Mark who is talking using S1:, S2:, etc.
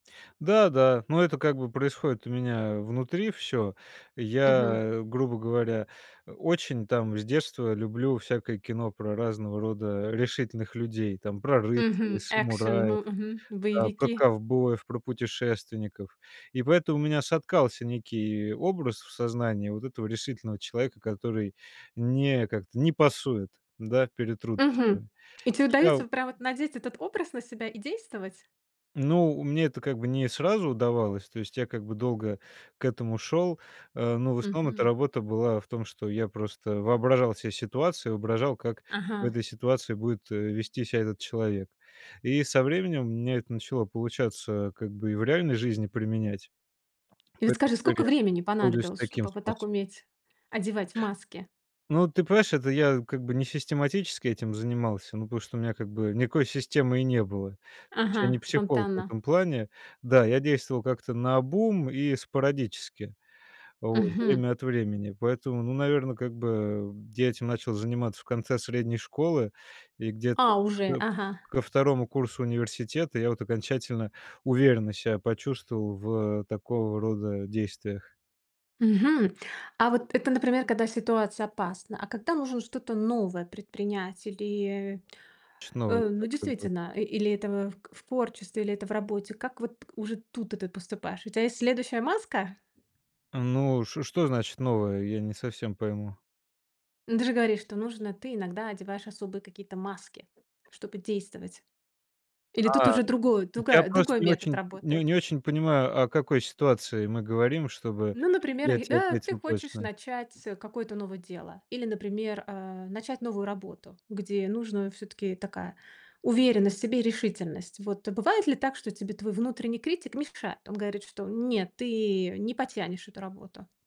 S1: Да да, но это как бы происходит у меня внутри всё.
S2: Мгм.
S1: Я, грубо говоря, э, очень там с детства люблю всякое кино про разного рода решительных людей, там, про рыцарей,
S2: Мгм. Экшн,
S1: самураев,
S2: м, мгм,
S1: да, про
S2: боевики.
S1: ковбоев, про путешественников. И поэтому у меня соткался некий образ в сознании вот этого решительного человека, который не как-то не пасует, да, перед
S2: Мгм.
S1: трудностями.
S2: И тебе
S1: Я в
S2: удаётся прямо вот надеть этот образ на себя и действовать?
S1: Ну, мне это как бы не сразу удавалось, то есть я как бы долго к этому шел, э, но в основном эта
S2: Мгм.
S1: работа была в том, что я просто воображал се ситуацию, воображал, как в
S2: Ага.
S1: этой ситуации будет, э, вести ся этот человек. И со временем у меня это начало получаться как бы и в реальной жизни применять.
S2: И вот
S1: Поэтому
S2: скажи,
S1: теперь
S2: сколько
S1: я
S2: времени
S1: пользуюсь
S2: понадобилось,
S1: таким
S2: чтобы вот так
S1: способом.
S2: уметь одевать маски?
S1: Ну, ты понимаешь, это я как бы не систематически этим занимался, ну, потому что у меня как бы никакой системы и не было. То есть я
S2: Ага,
S1: не психолог в
S2: спонтанно.
S1: этом плане. Да, я действовал как-то наобум и спорадически вот
S2: Мгм.
S1: время от времени. Поэтому, ну, наверно, как бы я этим начал заниматься в конце средней школы. И где-то
S2: А уже,
S1: ко
S2: ага.
S1: ко 2 курсу университета я вот окончательно уверенно ся почувствовал в такого рода действиях.
S2: Мгм. А вот это, например, когда ситуация опасна, а когда нужно что-то новое предпринять, или,
S1: Что-то новое,
S2: э, ну,
S1: как бы.
S2: действительно и или это в к в творчестве, или это в работе, как вот уже тут-то ты поступаешь, у тебя есть следующая маска?
S1: Ну, шо что значит новое, я не совсем пойму.
S2: Ну, ты же говоришь, что нужно. Ты иногда одеваешь особые какие-то маски, чтобы действовать. Или тут
S1: А,
S2: уже другой
S1: я
S2: другая
S1: просто
S2: другой
S1: не
S2: метод
S1: очень не
S2: работает?
S1: не очень понимаю, о какой ситуации мы говорим, чтобы
S2: Ну, например,
S1: я
S2: и,
S1: тебе
S2: э, ты
S1: ответил
S2: хочешь
S1: точно.
S2: начать, э, какое-то новое дело или, например, э, начать новую работу, где нужно всё-таки такая уверенность в себе и решительность. Вот бывает ли так, что тебе твой внутренний критик мешает? Он говорит, что: "Нет, ты не потянешь эту работу".